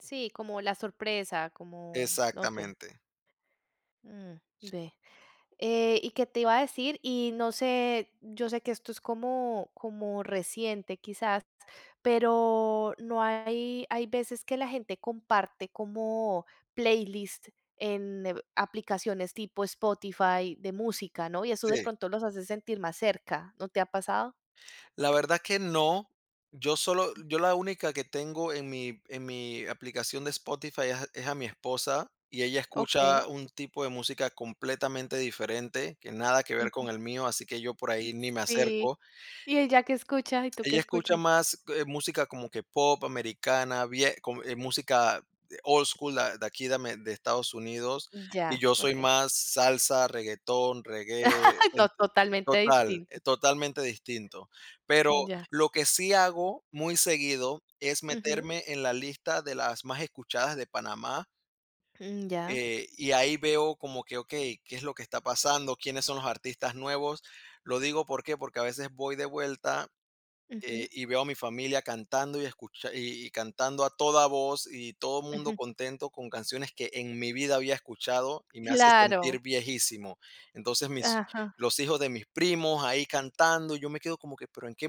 Sí, como la sorpresa, como no sé. Exactamente. Mm, ve, eh, ¿y qué te iba a decir? Y no sé, yo sé, que esto es, como como reciente quizás, pero, no, hay hay veces que la gente comparte, como playlist, en, eh, aplicaciones tipo Spotify, de música, ¿no? Y eso, de Sí. pronto los hace sentir, más cerca, ¿no te ha pasado? La verdad que no. Yo solo yo la única que tengo en mi en mi aplicación de Spotify es a es a mi esposa, y ella Okey. escucha un tipo de música, completamente diferente, que nada que ver Ujú. con el mío, así que yo por ahí ni me Sí, acerco. ¿y ella qué escucha? ¿Y tú qué Ella escucha escuchas? más, eh, música como que pop americana, vie co eh, música de old school, de aquí, de Ame de Estados Unidos, y Ya, yo soy okey. más salsa, reguetón, reggae, No, ente totalmente total, distinto. e totalmente distinto. Pero, Mm ya. lo que sí hago, muy seguido, es Ujú. meterme en la lista, de las más escuchadas de Panamá Mm, ya. eh, y ahí veo como que, okey, ¿qué es lo que está pasando? ¿Quiénes son los artistas nuevos? Lo digo, ¿por qué? Porque a veces voy de vuelta, Ujú. eh, y veo a mi familia cantando, y escucha y cantando a toda voz, y todo mundo Ujú. contento, con canciones que en mi vida había escuchado, y me hace Claro. sentir viejísimo. Entonces, mis Ajá. los hijos de mis primos, ahí cantando, yo me quedo como que, pero en qué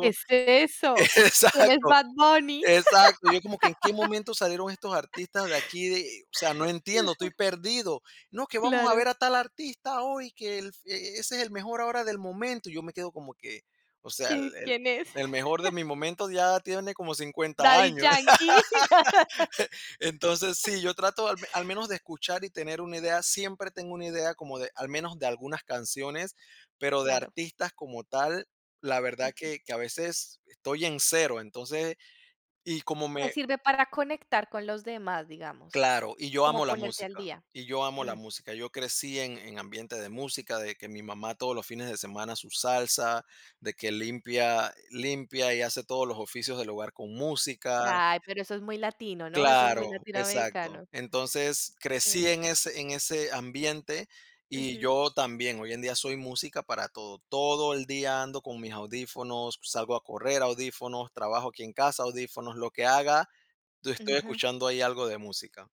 ¿Qué es eso? ¿Quién es Exacto, Bad Bunny? exacto, y yo como que, ¿en qué momento, salieron estos artistas de aquí, de? O sea, no entiendo, estoy Ajá. perdido. No, que vamos a Claro. ver, a tal artista hoy, que el, e e ese es el mejor, ahora del momento, y yo me quedo como que, o sea, el ¿Qué? el ¿Quién es? el mejor de mi momento, ya tiene como 50 Daddy años. Yankee. Entonces sí, yo trato al al menos de escuchar, y tener una idea, siempre tengo una idea como de, al menos de algunas canciones, pero de Claro. artistas como tal, la verdad, Ujú. que que a veces estoy en 0, entonces, y como Te me sirve para conectar con los demás, digamos, claro, y yo como amo la ponerte al música día. y yo amo la Mm. música. Yo crecí, en en ambiente de música, de que mi mamá, todos los fines de semana, su salsa, de que limpia limpia, y hace todos los oficios del hogar, con música. Ay, pero eso es muy latino, ¿no? Eso es muy Claro, exacto. latinoamericano. Entonces crecí, Sí. en ese en ese ambiente, y Ujú. yo también, hoy en día, soy música para todo. Todo el día ando, con mis audífonos, salgo a correr, audífonos, trabajo aquí en casa, audífonos, lo que haga, tu estoy Ujú. escuchando, ahí algo de música.